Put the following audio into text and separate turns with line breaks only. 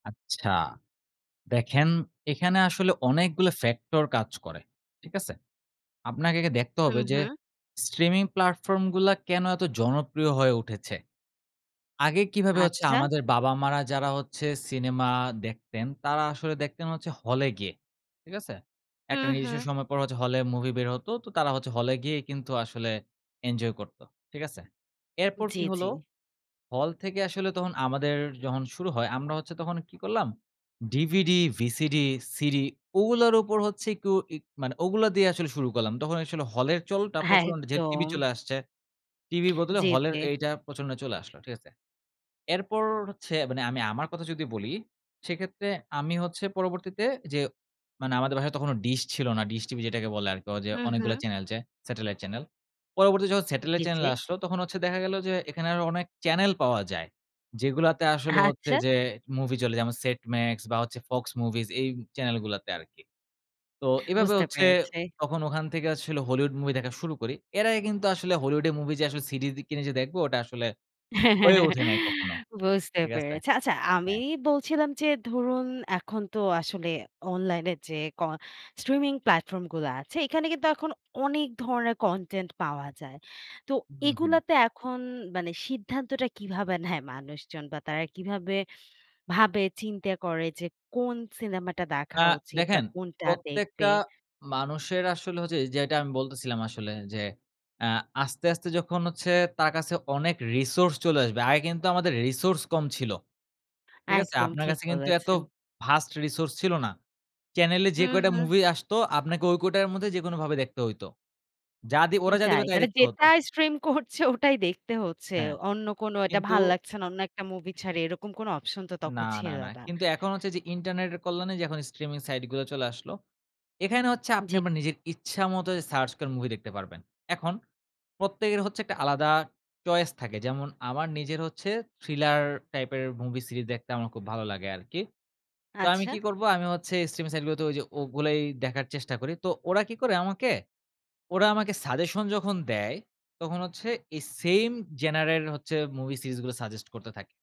আচ্ছা, দেখেন এখানে আসলে অনেকগুলো ফ্যাক্টর কাজ করে, ঠিক আছে? আপনাকে দেখতে
হু,
হবে যে
হু।
স্ট্রিমিং প্লাটফর্মগুলা কেন এত জনপ্রিয় হয়ে উঠেছে। আগে কিভাবে হচ্ছে
আচ্ছা।
আমাদের বাবা মারা যারা হচ্ছে সিনেমা দেখতেন তারা আসলে দেখতেন হচ্ছে হলে গিয়ে। ঠিক আছে?
হু,
একটা নির্দিষ্ট
হু।
সময় পরে হচ্ছে হলে মুভি বের হত। তো তারা হচ্ছে হলে গিয়ে কিন্তু আসলে এনজয় করত ঠিক আছে? এরপর
জি,
কি
জি।
হলো? হল থেকে আসলে তখন আমাদের যখন শুরু হয় আমরা হচ্ছে তখন কি করলাম? DVD, VCD, CD ওগুলোর উপর হচ্ছে একটু ই মানে ওগুলা দিয়ে আসলে শুরু করলাম। তখন হলের চলটা প্রচলন যে টিভি
একদম।
চলে আসছে টিভির বদলে
জি,
হলের
জি।
এইটা প্রচলনে চলে আসলো ঠিক আছে? এরপর হচ্ছে মানে আমি আমার কথা যদি বলি, সেক্ষেত্রে আমি হচ্ছে পরবর্তীতে যে মানে আমাদের বাসায় তখনো ডিশ ছিল না। ডিশ টিভি যেটাকে বলে আরকি অজে
হু,
অনেকগুলো
হু।
চ্যানেল যে স্যাটেলাইট চ্যানেল। পরবর্তী যখন
জি,
স্যাটেলাইট চ্যানেল
জি।
আসলো তখন হচ্ছে দেখা গেল যে এখানে আরও অনেক চ্যানেল পাওয়া যায়। যেগুলাতে আসলে হচ্ছে
আচ্ছা।
যে মুভি চলে যেমন সেট মাক্স বা হচ্ছে ফক্স মুভিস এই চ্যানেলগুলাতে আরকি। তো এভাবে
বুঝতে
হচ্ছে
পেরেছি।
তখন ওখান থেকে আসলে হলিউড মুভি দেখা শুরু করি। এর আগে কিন্তু আসলে হলিউডের মুভি যে CD কিনে যে দেখবো ওটা আসলে হয়ে ওঠে নাই কখনো
বুঝতে
ঠিক আছে?
পেরেছি আচ্ছা আমি
হ্যাঁ।
বলছিলাম যে ধরুন এখন তো আসলে অনলাইনে যে ক স্ট্রিমিং প্ল্যাটফর্মগুলা আছে এখানে কিন্তু এখন অনেক ধরনের কনটেন্ট পাওয়া যায়। তো
হু, হু।
এগুলাতে এখন মানে সিদ্ধান্তটা কীভাবে নেয় মানুষজন বা তারা কিভাবে, ভাবে চিন্তা করে যে কোন সিনেমাটা
আ
দেখা উচিত বা
দেখেন
কোনটা
প্রত্যেকটা
দেখবে?
মানুষের আসলে হচ্ছে যেটা আমি বলতেছিলাম আসলে যে আ আস্তে, আস্তে যখন হচ্ছে তার কাছে অনেক রিসোর্স চলে আসবে আগে কিন্তু আমাদের রিসোর্স কম ছিল। ঠিক আছে?
একদম
আপনার
ঠিক
কাছে কিন্তু এত
বলেছেন।
ভাস্ট রিসোর্স ছিল না। চ্যানেলে
হু,
যে কয়টা
হু।
মুভি আসতো আপনাকে ওই কয়টার মধ্যে যেকোনো ভাবে দেখতে হইতো যা দি ওরা যা
এটাই
দিবে তাই
মানে
দেখতে হতো।
যেটাই স্ট্রিম করছে ওটাই দেখতে হচ্ছে।
হ্যাঁ,
অন্য কোন এটা
কিন্তু
ভাল লাগছে না, অন্য একটা মুভি ছাড়ে এরকম কোন অপশন তো
না,
তখন
না,
ছিল
না,
না।
কিন্তু এখন হচ্ছে যে ইন্টারনেটের কল্যাণে যে হয় স্ট্রিমিং সাইটগুলো চলে আসলো এখানে হচ্ছে আপনি
জি,
আপনার
জি।
নিজের ইচ্ছা মত সার্চ করে মুভি দেখতে পারবেন। এখন প্রত্যেকের হচ্ছে একটা আলাদা চয়েস থাকে। যেমন আমার নিজের হচ্ছে থ্রিলার টাইপের মুভি সিরিজ দেখতে আমার খুব ভালো লাগে আরকি। তো আমি কি
আচ্ছা।
করব? আমি হচ্ছে স্ট্রিমিং সাইটগুলোতে ওযে ওগুলোই দেখার চেষ্টা করি। তো ওরা কি করে? আমাকে ওরা আমাকে সাজেশন যখন দেয় তখন হচ্ছে এই সেম জেনারের হচ্ছে মুভি সিরিজগুলো সাজেস্ট করতে থাকে।